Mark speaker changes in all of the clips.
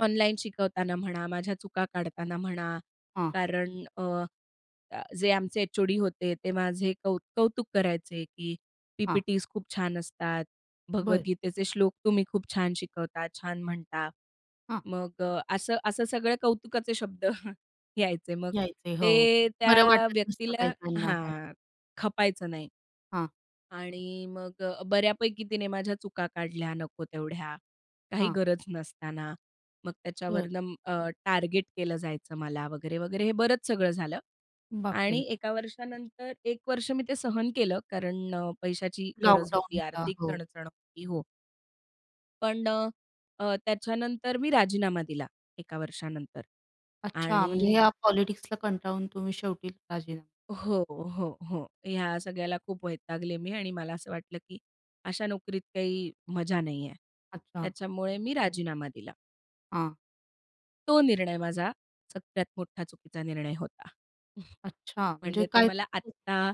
Speaker 1: Online शिकवताना म्हणा, माझ्या चुका काढताना म्हणा,
Speaker 2: हां.
Speaker 1: कारण अ, जे अ, आमचे एच-ओ-डी होते, ते माझे कौ कौतुक करायचे, की
Speaker 2: हां.
Speaker 1: पी-पी-टीज खूप छान असतात,
Speaker 2: बरं.
Speaker 1: भगवद्गीतेचे श्लोक तुम्ही खूप छान शिकवता, छान म्हणता.
Speaker 2: हां.
Speaker 1: मग अ, असं असं सगळे कौतुकाचे शब्द यायचे, मग
Speaker 2: यायचे, हो.
Speaker 1: ते
Speaker 2: बरं
Speaker 1: त्या
Speaker 2: वाटत नसतं काही
Speaker 1: व्यक्तीला
Speaker 2: काहींना. हो
Speaker 1: हां, खपायचं नाही.
Speaker 2: हां.
Speaker 1: आणि मग अ, बऱ्यापैकी तिने माझ्या चुका काढल्या नको तेवढ्या काही
Speaker 2: हां.
Speaker 1: गरज नसताना. मग
Speaker 2: बरं.
Speaker 1: त्याच्यावरून अ, टार्गेट केलं जायचं मला. वगैरे, वगैरे, हे बरंच सगळं झालं.
Speaker 2: बाप
Speaker 1: आणि
Speaker 2: रे!
Speaker 1: एका वर्षानंतर 1 वर्ष मी ते सहन केलं, कारण अ, पैशाची गरज
Speaker 2: लॉकडाउन
Speaker 1: होती
Speaker 2: होता.
Speaker 1: आर्थिक
Speaker 2: हो.
Speaker 1: चणचण होती हो. पण अ, अ, त्याच्यानंतर मी राजीनामा दिला एका वर्षानंतर
Speaker 2: अच्छा, म्हणजे
Speaker 1: आणि
Speaker 2: ह्या पॉलिटिक्सला कंटाळून तुम्ही शेवटी राजी
Speaker 1: हो, हो, हो. ह्या सगळ्याला खूप वैतागले मी आणि मला असं वाटलं की अशा नोकरीत काही मजा नाहीये.
Speaker 2: अच्छा.
Speaker 1: त्याच्यामुळे मी राजीनामा दिला.
Speaker 2: हां.
Speaker 1: तो निर्णय माझा सगळ्यात मोठा चुकीचा निर्णय होता.
Speaker 2: अच्छा, म्हणजे
Speaker 1: म्हणजे ते
Speaker 2: काय
Speaker 1: मला
Speaker 2: [unintelligible]
Speaker 1: आत्ता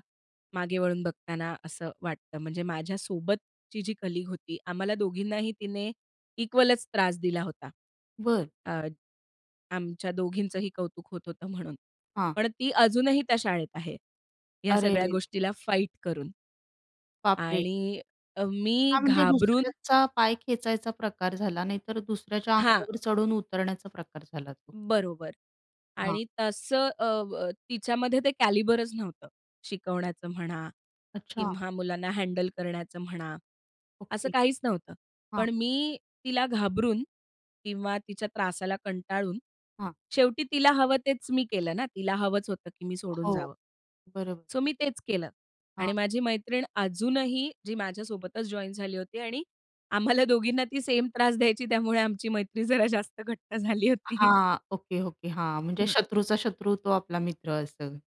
Speaker 1: मागे वळून बघताना असं वाटतं. म्हणजे माझ्यासोबतची जी कलीग होती, आम्हाला दोघींनाही तिने इक्वलच त्रास दिला होता.
Speaker 2: बरं.
Speaker 1: अ, आमच्या दोघींचेही कौतुक होत होतं म्हणून,
Speaker 2: हां.
Speaker 1: पण ती अजूनही त्या शाळेत आहे, ह्या
Speaker 2: अरे रे
Speaker 1: सगळ्या
Speaker 2: रे रे!
Speaker 1: गोष्टीला फाईट करून.
Speaker 2: बाप रे!
Speaker 1: आणि अ, मी
Speaker 2: हां, म्हणजे
Speaker 1: घाबरून
Speaker 2: दुसऱ्याचा पाय खेचायचा प्रकार झाला, नाहीतर दुसऱ्याच्या
Speaker 1: हां.
Speaker 2: अंगावर चढून उतरण्याचा प्रकार झाला तो.
Speaker 1: बरोबर.
Speaker 2: हां.
Speaker 1: आणि तसं अ, अ, तिच्यामध्ये ते कॅलिबरचं नव्हतं शिकवण्याचं म्हणा
Speaker 2: अच्छा.
Speaker 1: किंवा मुलांना हँडल करण्याचं म्हणा, असं
Speaker 2: ओके.
Speaker 1: काहीच नव्हतं.
Speaker 2: हां.
Speaker 1: पण मी तिला घाबरून किंवा तिच्या त्रासाला कंटाळून
Speaker 2: हां.
Speaker 1: शेवटी तिला हवं तेच मी केलं ना, तिला हवंच होतं की मी सोडून
Speaker 2: हो,
Speaker 1: जावं.
Speaker 2: बरोबर.
Speaker 1: सो मी तेच केलं.
Speaker 2: हां.
Speaker 1: आणि माझी मैत्रीण अजूनही जी माझ्यासोबतच जॉइन झाली होती आणि आम्हाला दोघींना ती सेम त्रास द्यायची, त्यामुळे आमची मैत्रीण जरा जास्त घट्ट झाली होती.
Speaker 2: हां, ओके, ओके. हां, म्हणजे
Speaker 1: हं.
Speaker 2: शत्रूचा शत्रू, तो आपला मित्र असं.